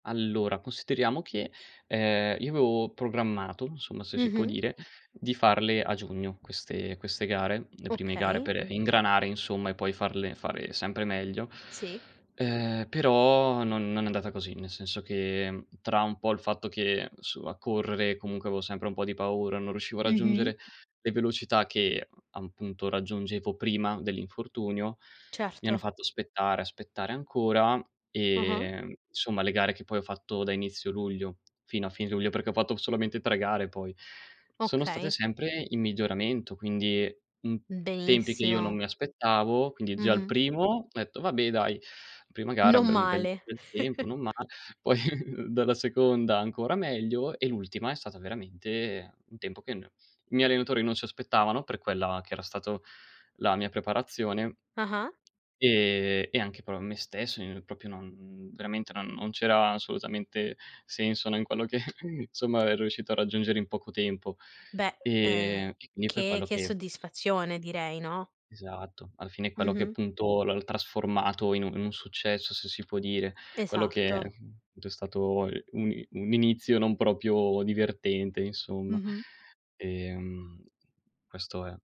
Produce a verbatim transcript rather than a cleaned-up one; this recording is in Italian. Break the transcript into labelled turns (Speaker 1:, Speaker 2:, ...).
Speaker 1: Allora, consideriamo che, ehm, io avevo programmato, insomma, se si può
Speaker 2: Mh-mh.
Speaker 1: dire, di farle a giugno queste queste gare, le prime gare
Speaker 2: Okay.
Speaker 1: per ingranare, insomma, e poi farle fare sempre meglio.
Speaker 2: Sì.
Speaker 1: Ehm, però, non non è andata così, nel senso che, tra un po', il fatto che su a correre, comunque, avevo sempre un po' di paura, non riuscivo a
Speaker 2: Mh-mh.
Speaker 1: raggiungere le velocità che, appunto, raggiungevo prima dell'infortunio, mi hanno
Speaker 2: Certo.
Speaker 1: fatto aspettare, aspettare ancora,
Speaker 2: Ah-ah.
Speaker 1: ehm, insomma, le gare che, poi, ho fatto da inizio luglio, fino a fine luglio, perché ho fatto solamente tre gare, poi, sono state
Speaker 2: Okay.
Speaker 1: sempre in miglioramento, quindi, in tempi che io non
Speaker 2: Benissimo!
Speaker 1: mi aspettavo. Quindi, già al
Speaker 2: Mh-mh.
Speaker 1: primo, ho detto: “Vabbè, dai, prima gara
Speaker 2: Non
Speaker 1: ben bel,
Speaker 2: male.
Speaker 1: bel tempo, non male”. Poi, dalla seconda, ancora meglio e l'ultima è stata, veramente, un tempo che no i miei allenatori non si aspettavano per quella che era stata la mia preparazione
Speaker 2: Ah-ah.
Speaker 1: ehm, e anche però me stesso, io propio non veramente non non c'era assolutamente senso, no, in quello che insomma avrei riuscito a raggiungere in poco tempo.
Speaker 2: Beh, uhm,
Speaker 1: Ehm, e quindi è per
Speaker 2: che,
Speaker 1: quello
Speaker 2: che
Speaker 1: che
Speaker 2: soddisfazione direi, no?
Speaker 1: Esatto, alla fine è quello che
Speaker 2: Mh-mh.
Speaker 1: appunto, l'hanno trasformato in un un successo se si può dire, quello che,
Speaker 2: Esatto.
Speaker 1: mhmm, ed è stato, mhmm, un i un inizio non proprio divertente insomma,
Speaker 2: Mh-mh.
Speaker 1: ehm, questo è.